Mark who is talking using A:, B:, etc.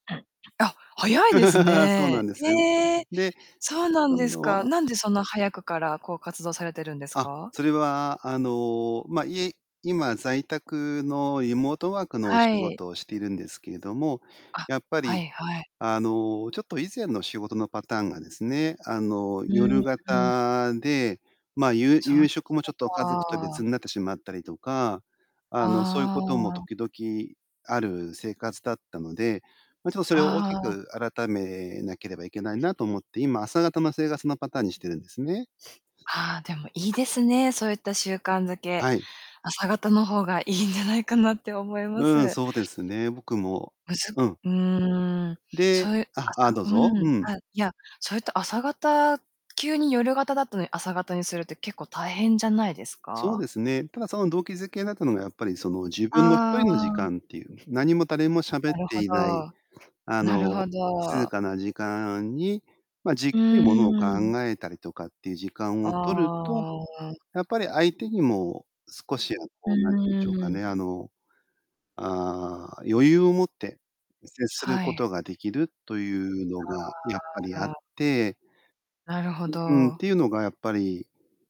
A: あ、早いです
B: そう
A: ね。
B: なんです。
A: ええ、
B: で、
A: そうなん
B: あ
A: です
B: の、
A: か。
B: あ
A: なんでそんな早くから、こう、活動されてるんです
B: あ、
A: か？
B: それは、あの、ま、い今、在宅のリモートワークの
A: は
B: 仕
A: い。
B: 事をしているんですけれども、
A: あ、
B: やっぱ
A: は
B: り
A: いはい。
B: あの、ちょっと以前の仕事のパターンがですね、あの、
A: うん、
B: 夜
A: うん。
B: 型で、まあ、ゆう
A: そう
B: 夕
A: で
B: 食
A: し
B: もち
A: た
B: ょっと家族と
A: か。
B: 別になってしまったりとか、あの、そゆ
A: あ
B: ことも
A: あ。
B: 時々ある生活だったので、ま、ちょそれを大
A: あ
B: き
A: あ。
B: く改めなければいけないなと思って、今、朝方の生活のパターンにしてるんですね。
A: ああ、でもいいですね、そういった習慣づけ。
B: はい。
A: 朝方の方がいいんじゃないかなって思いま
B: うん、
A: す。
B: そうですね。僕も
A: むず
B: うん。
A: うーん。そ
B: で
A: ういう
B: あ、ああ、どう
A: あ、は、う
B: ぞ。
A: ん。
B: うん。
A: あ、いや、それって朝型急に夜型だったのに朝型にするって結構大変じゃないです
B: そう
A: か？
B: ですね。ただ、その動機づけなったのが、やっぱりその、自分のひと
A: あ
B: りの時
A: あ。
B: 間っていう、何も誰も喋っ
A: なるほ
B: ていない
A: ど。
B: あ
A: なる
B: の、
A: ほ
B: 静
A: ど。
B: かな時間に、ま、じっ
A: う
B: くり物を考
A: ーん。
B: えたりとかっていう時間
A: あ
B: を取ると、
A: あ。
B: やっぱり相手にも少しは
A: う
B: こう、なんてんでしょうか
A: ー
B: ね、
A: ん。
B: あの、ああ、余裕を持って接する
A: は
B: こ
A: い。
B: とができるというのがやっぱりあ
A: は
B: っ
A: あ。
B: て
A: なるほ
B: ううん、っ
A: ど。
B: てういのがやっぱり